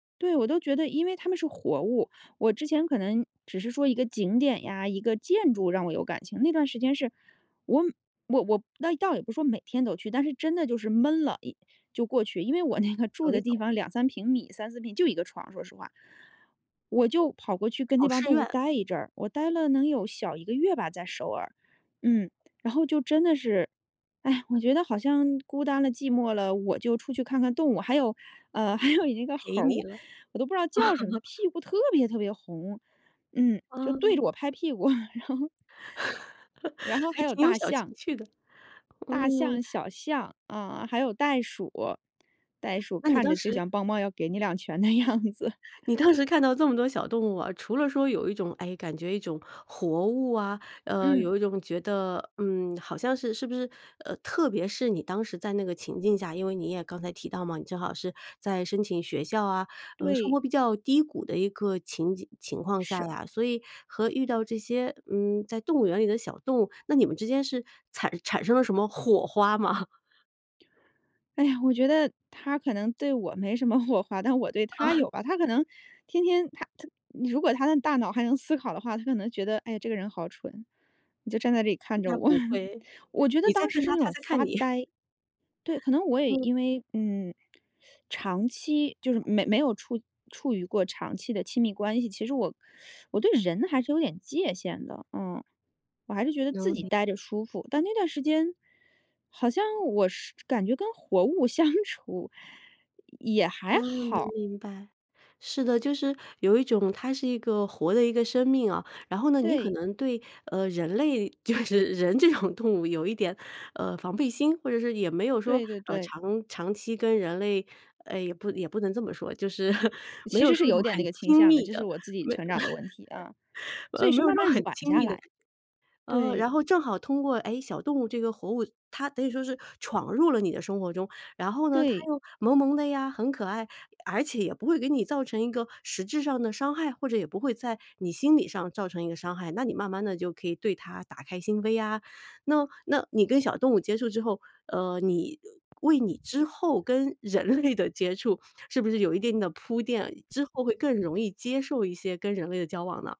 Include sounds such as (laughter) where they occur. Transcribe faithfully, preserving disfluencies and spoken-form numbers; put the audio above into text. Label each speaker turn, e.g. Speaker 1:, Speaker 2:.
Speaker 1: 对，我都觉得因为它们是活物。我之前可能只是说一个景点呀、一个建筑让我有感情，那段时间是我我我那倒也不是说每天都去，但是真的就是闷了一就过去。因为我那个住
Speaker 2: 有一
Speaker 1: 的地
Speaker 2: 种
Speaker 1: 方两三平米、三思平，就一个床，说实话。我就跑过去跟
Speaker 2: 考
Speaker 1: 那帮
Speaker 2: 试
Speaker 1: 动物
Speaker 2: 院。
Speaker 1: 待一阵儿，我待了能有小一个月吧，在首尔。嗯，然后就真的是，唉，我觉得好像孤单了、寂寞了，我就出去看看动物。还有呃，还有一个
Speaker 2: 陪
Speaker 1: 猴儿，
Speaker 2: 你了。
Speaker 1: 我都不知道叫什么，它
Speaker 2: (chuckles)
Speaker 1: 屁股特别特别红，嗯，就对着
Speaker 2: 哦。
Speaker 1: 我拍屁股，然后然
Speaker 2: (chuckles)
Speaker 1: 后
Speaker 2: 还
Speaker 1: 还有
Speaker 2: 挺有
Speaker 1: 大
Speaker 2: 小情
Speaker 1: 象。
Speaker 2: 趣的，
Speaker 1: 大
Speaker 2: 嗯。
Speaker 1: 象、小象，啊，还有袋鼠。袋鼠
Speaker 2: 那你
Speaker 1: 看
Speaker 2: 当
Speaker 1: 着就
Speaker 2: 时
Speaker 1: 像梆梆要给你两拳的样子。
Speaker 2: 你当时看到这么多小动物啊，除了说有一种诶，感觉一种活物啊，呃，
Speaker 1: 嗯。
Speaker 2: 有一种觉得，嗯，好像是是不是呃，特别是你当时在那个情境下，因为你也刚才提到嘛，你正好是在申请学校啊，呃，生
Speaker 1: 对。
Speaker 2: 活比较低谷的一个情景情况下
Speaker 1: 是。
Speaker 2: 呀，所以和遇到这些，嗯，在动物园里的小动物，那你们之间是惨产生了什么火花吗？(chuckles)
Speaker 1: 哎呀，我觉得它可能对我没什么火花，但我对
Speaker 2: 嗯。
Speaker 1: 它
Speaker 2: (chuckles)
Speaker 1: 有吧。它可能天天它它如果它的大脑还能思考的话，它可能觉得，哎呀，这个人好蠢，你就站在这里看着
Speaker 2: 那
Speaker 1: 我。
Speaker 2: 不
Speaker 1: (chuckles)
Speaker 2: 会。
Speaker 1: 我觉得
Speaker 2: 你在
Speaker 1: 当时
Speaker 2: 看
Speaker 1: 是
Speaker 2: 它，
Speaker 1: 那
Speaker 2: 它
Speaker 1: 种
Speaker 2: 在看
Speaker 1: 发
Speaker 2: 你。(chuckles)
Speaker 1: 呆，对，可能我也
Speaker 2: 嗯。
Speaker 1: 因为嗯，长期就是没没有处处于过长期的亲密关系。其实我我对人还是有点界限的，嗯，我还是觉得自
Speaker 2: 有
Speaker 1: 己
Speaker 2: 理。
Speaker 1: 待着舒服。但那段时间，好像我是感觉跟活物相处也还
Speaker 2: 嗯，能
Speaker 1: 好。
Speaker 2: 明白。是的，就是有一种它是一个活的一个生命啊。然后呢，你可
Speaker 1: 对。
Speaker 2: 能对，呃，人类，就是人这种动物有一点，呃，防备心。或者是也没有说，
Speaker 1: 对对
Speaker 2: 呃，
Speaker 1: 对。
Speaker 2: 长长期跟人类哎，也不也不能这么说，就是 (chuckles) 没有
Speaker 1: 其实是
Speaker 2: 说一
Speaker 1: 有
Speaker 2: 种
Speaker 1: 点那
Speaker 2: 很
Speaker 1: 个倾
Speaker 2: 亲
Speaker 1: 向的，
Speaker 2: 密
Speaker 1: 这是
Speaker 2: 的，
Speaker 1: 我自己成长的问题，啊。
Speaker 2: 没 (chuckles)
Speaker 1: 所
Speaker 2: 呃，
Speaker 1: 以
Speaker 2: 没
Speaker 1: 是
Speaker 2: 有说
Speaker 1: 慢慢
Speaker 2: 很
Speaker 1: 软
Speaker 2: 亲
Speaker 1: 下
Speaker 2: 密的
Speaker 1: 来。
Speaker 2: 感呃，
Speaker 1: 对。
Speaker 2: 然后正好通过，诶，小动物这个活物，它等于说是闯入了你的生活中。然后呢，它
Speaker 1: 对。
Speaker 2: 又萌萌的呀，很可爱，而且也不会给你造成一个实质上的伤害，或者也不会在你心理上造成一个伤害，那你慢慢地就可以对它打开心扉啊。那那你跟小动物接触之后，呃，你为你之后跟人类的接触，是不是有一定的铺垫，之后会更容易接受一些跟人类的交往呢？